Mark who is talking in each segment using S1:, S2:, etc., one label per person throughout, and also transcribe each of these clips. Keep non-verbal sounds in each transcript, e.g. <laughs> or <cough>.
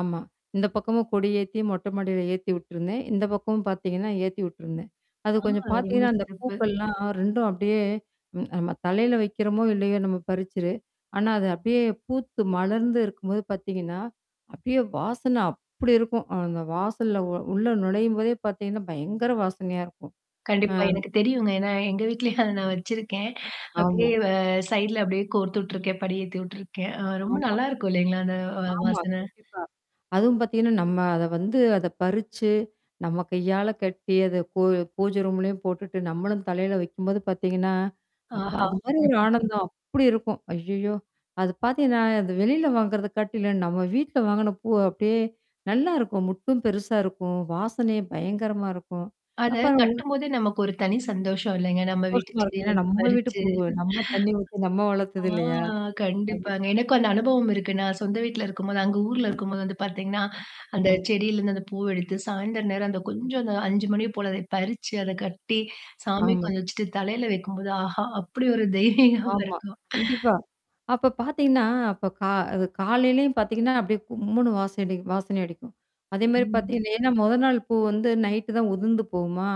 S1: ஆமா. இந்த பக்கமும் கொடி ஏத்தி, மொட்டை மாடியில ஏத்தி விட்டுருந்தேன். இந்த பக்கமும் பாத்தீங்கன்னா, ஏத்தி விட்ருந்தேன். அது
S2: ஆ.
S1: கொஞ்சம்
S2: ரொம்ப
S1: பாத்தீங்கன்னா, அந்த
S2: சிறப்பு.
S1: பூக்கள்லாம் 2ம் அப்டியே ம் நம்ம தலையில வைக்கிறோமோ, இல்லையோ! நம்ம பறிச்சது ஆனா, அது அப்படியியே பூத்து மலர்ந்து இருக்கும்போது பாத்தீங்கன்னா, அப்டியே வாசனை அப்படி இருக்கும். அந்த வாசல்ல ஒர் உள்ள நுழையும்போதே பாத்தீங்கன்னா பயங்கர வாசனையா இருக்கும். ஆ.
S2: கண்டிப்பா. எனக்கு தெரியுங்க. ஏன்னா எங்க வீட்லயும் அத நான் வச்சிருக்கேன். அப்படியியே
S1: ஆமா.
S2: அ சைட்ல அப்படியே கோர்த்து விட்ருக்கேன், படி ஏத்தி விட்ருக்கேன். அ ரொம்ப
S1: ஆமா.
S2: நல்லாயிருக்கும் இல்லைங்களா? அந்த அ
S1: ஆமா.
S2: வாசனை.
S1: கண்டிப்பா. அதுவும் பாத்தீங்கன்னா, நம்ம அத வந்து அத பறிச்சு, நம்ம கையால கட்டி, அத பூ பூஜை ரூம்லயும் போட்டுட்டு, நம்மளும் தலையில வைக்கும்போது பாத்தீங்கன்னா, அப்பா!
S2: ஆஹா!
S1: அது மாரி ஒரு
S2: <laughs>
S1: ஆனந்தம். அப்படி இருக்கும். ஐய்யய்யோ! அது பாத்தீங்கன்னா, இந்த வெளியில வாங்குறத காட்டிலும் நம்ம வீட்ல வாங்குன பூ அப்டியே நல்லாருக்கும். மொட்டும் பெருசா இருக்கும், வாசனையும் பயங்கரமா இருக்கும்.
S2: அத
S1: அப்பறம் உள்
S2: கட்டும்போதே நமக்கு ஒரு தனி சந்தோஷம் இல்லங்க. நம்ம வீட்டு
S1: சந்தோஷமா இருக்கும். ஏன்னா
S2: செடியிலருந்து
S1: நம்ம வீட்டு
S2: பறிச்சு. <laughs>
S1: பூவ்வு, நம்ம தண்ணீ ஊத்தி நம்ம
S2: ஆ,
S1: வளத்தது இல்லையா? அது
S2: கண்டிப்பாங்க. எனக்கும் அந்த அனுபவம் இருக்கு, நான் சொந்த வீட்ல இருக்கும்போது அங்க ஊர்ல இருக்கும்போது வந்து பாத்தீங்கன்னா, அந்த
S1: ம்.
S2: செடியிலேருந்து அந்த பூவ எடுத்து, சாயந்திரம் நேரம் அந்த கொஞ்சம் அந்த 5:00 மணிய போல அதை பறிச்சு, அத கட்டி, சாமிக்கு
S1: ஆமா.
S2: கொஞ்சம் வச்சுட்டு, தலையில வைக்கும்போது, ஆஹா! அப்படி ஒரு தெய்வீகம்
S1: ஆமா.
S2: இருக்கும்
S1: கண்டிப்பா. அப்ப பாத்தீங்கன்னா அப்ப கா அது காலையிலயும் பாத்தீங்கன்னா, அப்டியியே கும்முன்னு வாசம் அடி வாசனை அடிக்கும். அதே மாரி பாத்தீ
S2: ம்.
S1: இது ஏன்னா மொத நாள் பூ வந்து நைட்டு தான் உதுந்து போகுமா?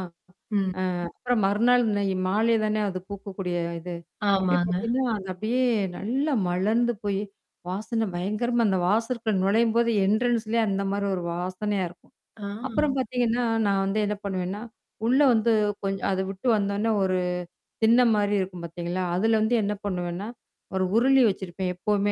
S2: ம்.
S1: அ அப்புறம் மறுநாள் இன்னை மாலை தானே அது பூக்கக்கூடிய அ இது. அப்டியே
S2: ஆமாங்க.
S1: பாத்தீங்கன்னா, அது அப்டியே, நல்லா மலர்ந்து போயி, வாசனை பயங்கரமா அந்த வாசற்க்குள்ள நுழையும்போது, என்ட்ரன்ஸ்லயே அந்த மாரி ஒரு வாசனையா இருக்கும்.
S2: ஆ.
S1: அப்புறம் பாத்தீங்கன்னா, நான் வந்து என்னா பண்ணுவேன்னா, உள்ள வந்து கொஞ்ச அத விட்டு வந்தோன்னே ஒரு திண்ண மாரி இருக்கும் பாத்தீங்களா? அதுல வந்து என்னா பண்ணுவேன்னா? ஒரு உருளி வச்சிருப்பேன் எப்பவுமே.